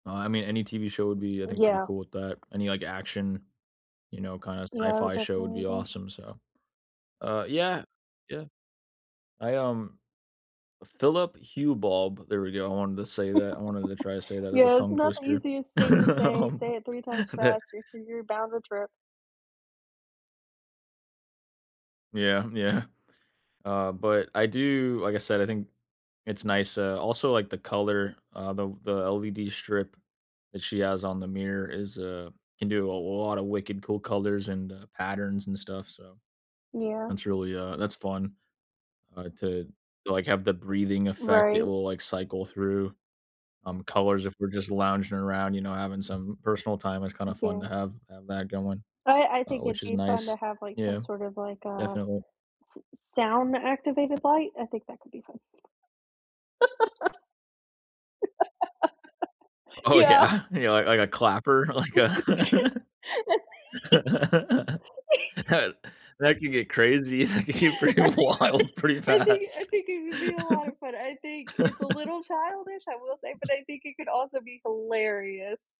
Uh, I mean, any TV show would be, I think, pretty Yeah. cool with that. Any like action, you know, kinda Yeah, I would sci-fi show would definitely be agree. awesome, so. Uh, yeah, yeah. I, um Philip Hue Bulb, there we go. I wanted to say that. I wanted to try and say that, that's a Yeah, it's tongue not the twister. easiest thing to say. Um, Say it 3 times the faster y you're bound to trip. Yeah, yeah. Uh, but I do, like I said, I think it's nice, uh, also like the color, uh, the the LED strip that she has on the mirror is, uh can do a l lotta wicked cool colors and, uh, patterns and stuff, so. Yeah. That's really, uh, that's fun, uh, to like have the breathing effect, it Right. will like cycle through, um, colors if we're just lounging around, you know, having some personal time, it's kinda fun to M'kay. have have that going, I I uh, think it'd which is be fun to nice. have like some Yeah, sort of like a definitely. s s sound activated light. I think that could be fun. Oh Yeah. yeah, yeah, l like a clapper, like a that that can get crazy, that can get pretty wild pretty I think I fast. think it would be a lotta fun. I think it's a little childish, I will say, but I think it could also be hilarious.